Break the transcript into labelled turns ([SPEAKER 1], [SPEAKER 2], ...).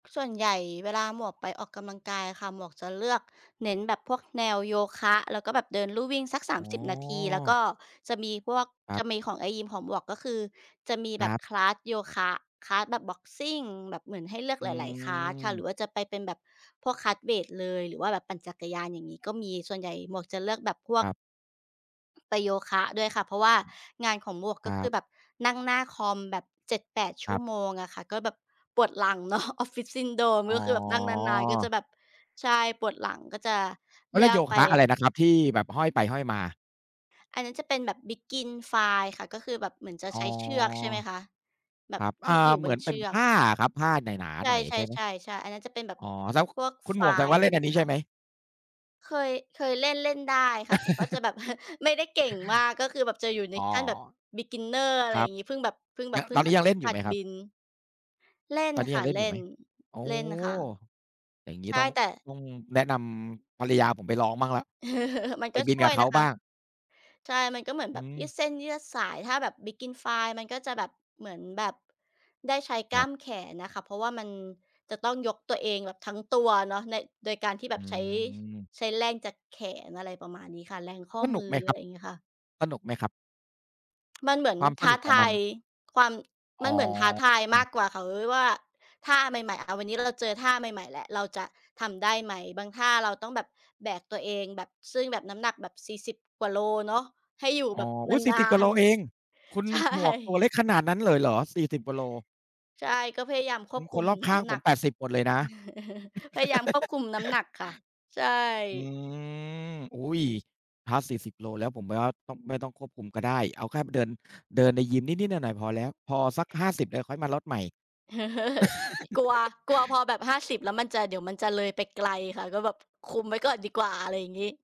[SPEAKER 1] ส่วนใหญ่เวลาหมวกไปออกกำลังกายอะค่ะ หมวกจะเลือกเน้นแบบพวกแนวโยคะ แล้วก็แบบเดินลู่วิ่งสัก สา
[SPEAKER 2] อ๋
[SPEAKER 1] มสิบ นาที แล้วก
[SPEAKER 2] อ
[SPEAKER 1] ็จะมีพวก
[SPEAKER 2] ครั
[SPEAKER 1] จ
[SPEAKER 2] บ
[SPEAKER 1] ะมีของในยิมของหมวก ก็คือจะมี
[SPEAKER 2] ค
[SPEAKER 1] แบ
[SPEAKER 2] ร
[SPEAKER 1] บ
[SPEAKER 2] ับ
[SPEAKER 1] คลาส โยคะ คลาส แบบบ็อกซิง แบบเหมือนให้เลือก
[SPEAKER 2] อื
[SPEAKER 1] หลาย ๆ คลาส ค่ะ หร
[SPEAKER 2] ม
[SPEAKER 1] ือว่าจะไปเป็นแบบพวก คลาส เวตเลย หรือว่าแบบปั่นจักรยาน อย่างงี้ ก็มีส่วนใหญ่หมวกจะเลือกแบบพว
[SPEAKER 2] ค
[SPEAKER 1] ก
[SPEAKER 2] รับ
[SPEAKER 1] ไปโยคะด้วยค่ะ เพราะว่างานของหมวก
[SPEAKER 2] ค
[SPEAKER 1] ก็
[SPEAKER 2] ร
[SPEAKER 1] ค
[SPEAKER 2] ั
[SPEAKER 1] ือ
[SPEAKER 2] บ
[SPEAKER 1] แบบนั่งหน้าคอม แบบ 7-8 ช
[SPEAKER 2] ค
[SPEAKER 1] ั่
[SPEAKER 2] รั
[SPEAKER 1] ว
[SPEAKER 2] บ
[SPEAKER 1] โมงอะค่ะ ก็แบบปวดหลัง เนาะ Office Syndrome
[SPEAKER 2] อ๋อ
[SPEAKER 1] ก็คือแบบนั่งนาน ๆ ก็จะแบบ ใช่ ปวดหลัง ก็จะ
[SPEAKER 2] เข
[SPEAKER 1] เล
[SPEAKER 2] าเ
[SPEAKER 1] ื
[SPEAKER 2] รีย
[SPEAKER 1] อ
[SPEAKER 2] กโย
[SPEAKER 1] กไป
[SPEAKER 2] คะอะไรนะครับ ที่แบบห้อยไปห้อยมา?
[SPEAKER 1] อันนั้นจะเป็นแบบ Begin Fly ค่ะ ก็คือแบบเหมือนจะ
[SPEAKER 2] อ๋อ
[SPEAKER 1] ใช้เชือกใช่ไหมคะ แบ
[SPEAKER 2] ค
[SPEAKER 1] บ
[SPEAKER 2] รับ
[SPEAKER 1] ท
[SPEAKER 2] อ่
[SPEAKER 1] ี
[SPEAKER 2] า
[SPEAKER 1] ่ไปอยู่
[SPEAKER 2] เห
[SPEAKER 1] บ
[SPEAKER 2] มื
[SPEAKER 1] น
[SPEAKER 2] อน
[SPEAKER 1] เ
[SPEAKER 2] เ
[SPEAKER 1] ช
[SPEAKER 2] ป็
[SPEAKER 1] ื
[SPEAKER 2] นผ
[SPEAKER 1] อก
[SPEAKER 2] ้าอะครับ ผ้าหนา
[SPEAKER 1] ใ
[SPEAKER 2] ๆ หน่อย ใช่ไหม
[SPEAKER 1] ช่ ๆ ๆ ๆ อันนั้นจะเป็นแบ
[SPEAKER 2] อ
[SPEAKER 1] บ
[SPEAKER 2] ๋อ แล้ว
[SPEAKER 1] พวก
[SPEAKER 2] คุณหมวกแสด
[SPEAKER 1] Fly
[SPEAKER 2] งว
[SPEAKER 1] อ
[SPEAKER 2] ่
[SPEAKER 1] ะ
[SPEAKER 2] า
[SPEAKER 1] ไร
[SPEAKER 2] เ
[SPEAKER 1] อ
[SPEAKER 2] ล
[SPEAKER 1] ย
[SPEAKER 2] ่
[SPEAKER 1] ่าง
[SPEAKER 2] น
[SPEAKER 1] ง
[SPEAKER 2] อ
[SPEAKER 1] ี
[SPEAKER 2] ั
[SPEAKER 1] ้
[SPEAKER 2] น
[SPEAKER 1] ไห
[SPEAKER 2] น
[SPEAKER 1] ม
[SPEAKER 2] ี้ใช
[SPEAKER 1] ค
[SPEAKER 2] ่ไ
[SPEAKER 1] ะ?
[SPEAKER 2] หม?
[SPEAKER 1] เคย เคยเล่น เล่นได้ค่ะ แต่ก็จะแบบ ไม่ได้เก่งมาก ก็คือแบบจะอยู่ใน
[SPEAKER 2] อ๋อ
[SPEAKER 1] ขั้นแบบ บิกินเนอร์ อะไ
[SPEAKER 2] ค
[SPEAKER 1] ร
[SPEAKER 2] ร
[SPEAKER 1] อ
[SPEAKER 2] ั
[SPEAKER 1] ย่
[SPEAKER 2] บ
[SPEAKER 1] างงี้ เพิ่งแบบ เพิ่งแบ
[SPEAKER 2] ย
[SPEAKER 1] บ เพิ่
[SPEAKER 2] ตอ
[SPEAKER 1] ง
[SPEAKER 2] นน
[SPEAKER 1] ห
[SPEAKER 2] ี
[SPEAKER 1] ั
[SPEAKER 2] ้
[SPEAKER 1] ด
[SPEAKER 2] ยังเล่นอย
[SPEAKER 1] ห
[SPEAKER 2] ู่
[SPEAKER 1] ั
[SPEAKER 2] ไห
[SPEAKER 1] ด
[SPEAKER 2] มคร
[SPEAKER 1] บ
[SPEAKER 2] ับ?
[SPEAKER 1] ิน เล่น
[SPEAKER 2] ตอนนี้
[SPEAKER 1] ค
[SPEAKER 2] ย
[SPEAKER 1] ่
[SPEAKER 2] ั
[SPEAKER 1] ะ
[SPEAKER 2] งเล่
[SPEAKER 1] เ
[SPEAKER 2] น
[SPEAKER 1] ล
[SPEAKER 2] อ
[SPEAKER 1] ่
[SPEAKER 2] ยู่ไหม?
[SPEAKER 1] น
[SPEAKER 2] อ๋อ
[SPEAKER 1] เล่นค่ะ
[SPEAKER 2] อย่างงี
[SPEAKER 1] ใช
[SPEAKER 2] ้
[SPEAKER 1] ่
[SPEAKER 2] ต้อง
[SPEAKER 1] แต่
[SPEAKER 2] ต้องแนะนำภรรยาผมไปลองบ้างแล้ว
[SPEAKER 1] เออ มัน
[SPEAKER 2] ไป
[SPEAKER 1] ก็
[SPEAKER 2] บิ
[SPEAKER 1] ช
[SPEAKER 2] น
[SPEAKER 1] ่
[SPEAKER 2] ก
[SPEAKER 1] ว
[SPEAKER 2] ั
[SPEAKER 1] ย
[SPEAKER 2] บเข
[SPEAKER 1] น
[SPEAKER 2] า
[SPEAKER 1] ะค
[SPEAKER 2] บ
[SPEAKER 1] ะ
[SPEAKER 2] ้าง
[SPEAKER 1] ใช่ มันก็เหมือน
[SPEAKER 2] อ
[SPEAKER 1] แ
[SPEAKER 2] ื
[SPEAKER 1] บบยืด
[SPEAKER 2] ม
[SPEAKER 1] เส้นยืดสาย ถ้าแบบ Begin Fly มันก็จะแบบ เหมือนแบบได้ใช้ก
[SPEAKER 2] ค
[SPEAKER 1] ล้
[SPEAKER 2] รั
[SPEAKER 1] า
[SPEAKER 2] บ
[SPEAKER 1] มแขนอะค่ะ เพราะว่ามันจะต้องยกตัวเองแบบทั้งตัวเนาะ น โดยการที่แบ
[SPEAKER 2] อื
[SPEAKER 1] บใช้
[SPEAKER 2] ม
[SPEAKER 1] ใช้แรงจากแขน อะไรประมาณนี้ค่ะ แรงข้อ
[SPEAKER 2] สน
[SPEAKER 1] ม
[SPEAKER 2] ุ
[SPEAKER 1] ื
[SPEAKER 2] ก
[SPEAKER 1] อ
[SPEAKER 2] ไหม
[SPEAKER 1] อ
[SPEAKER 2] ค
[SPEAKER 1] ะ
[SPEAKER 2] ร
[SPEAKER 1] ไ
[SPEAKER 2] ั
[SPEAKER 1] ร
[SPEAKER 2] บ
[SPEAKER 1] อย่างงี้ค่ะ
[SPEAKER 2] สนุกไหมครับ?
[SPEAKER 1] มันเหมือน
[SPEAKER 2] ความส
[SPEAKER 1] ท้
[SPEAKER 2] น
[SPEAKER 1] า
[SPEAKER 2] ุกขอ
[SPEAKER 1] ท
[SPEAKER 2] งม
[SPEAKER 1] า
[SPEAKER 2] ัน
[SPEAKER 1] ยความ
[SPEAKER 2] อ
[SPEAKER 1] มันเหมือนท้า
[SPEAKER 2] ๋
[SPEAKER 1] ทายม
[SPEAKER 2] อ
[SPEAKER 1] ากกว่าค่ะ ว ว่า ท่าใหม่ ๆ อ่า วันนี้เราเจอท่าใหม่ ๆ แล้วเราจะทำได้ไหม บางท่าเราต้องแบบแบกตัวเองแบบ ซึ่งแบบน้ำหนักแบบ 40 กว่าโลเนาะ ให้อยู่
[SPEAKER 2] อ๋
[SPEAKER 1] แ
[SPEAKER 2] อ
[SPEAKER 1] บบ
[SPEAKER 2] อ
[SPEAKER 1] น
[SPEAKER 2] ุ๊ย! สี่
[SPEAKER 1] า
[SPEAKER 2] สิบ กว่าโ
[SPEAKER 1] น
[SPEAKER 2] ลเอง คุณ
[SPEAKER 1] ๆ ใช่
[SPEAKER 2] หมวกตัวเล็กขนาดนั้นเลยเหรอ 40 กว่าโล
[SPEAKER 1] ใช่ ก็พยายามค
[SPEAKER 2] อ
[SPEAKER 1] วบค
[SPEAKER 2] ค
[SPEAKER 1] ุ
[SPEAKER 2] น
[SPEAKER 1] ม
[SPEAKER 2] รอบข
[SPEAKER 1] น
[SPEAKER 2] ้
[SPEAKER 1] ้
[SPEAKER 2] าง
[SPEAKER 1] ำห
[SPEAKER 2] ผ
[SPEAKER 1] นั
[SPEAKER 2] ม
[SPEAKER 1] ก
[SPEAKER 2] 80 หมดเลยนะ
[SPEAKER 1] พยายามควบคุมน้ำหนักค่ะ ใช่
[SPEAKER 2] อืม อุ๊ย ถ้า 40 โลแล้ว ผม ว ต้อง ไม่ต้องควบคุมก็ได้ เอาแค่เดิน เดินในยิมนิด ๆ หน่อย ๆ พอแล้ว พอสัก 50 เดี๋ยวค่อยมาลดใหม่
[SPEAKER 1] อ กลัว กลัวพอแบบ 50 แล้วมันจะ เดี๋ยวมันจะเลยไปไกลค่ะ ก็แบบคุมไว้ก่อนดีกว่า อะไรอย่างงี้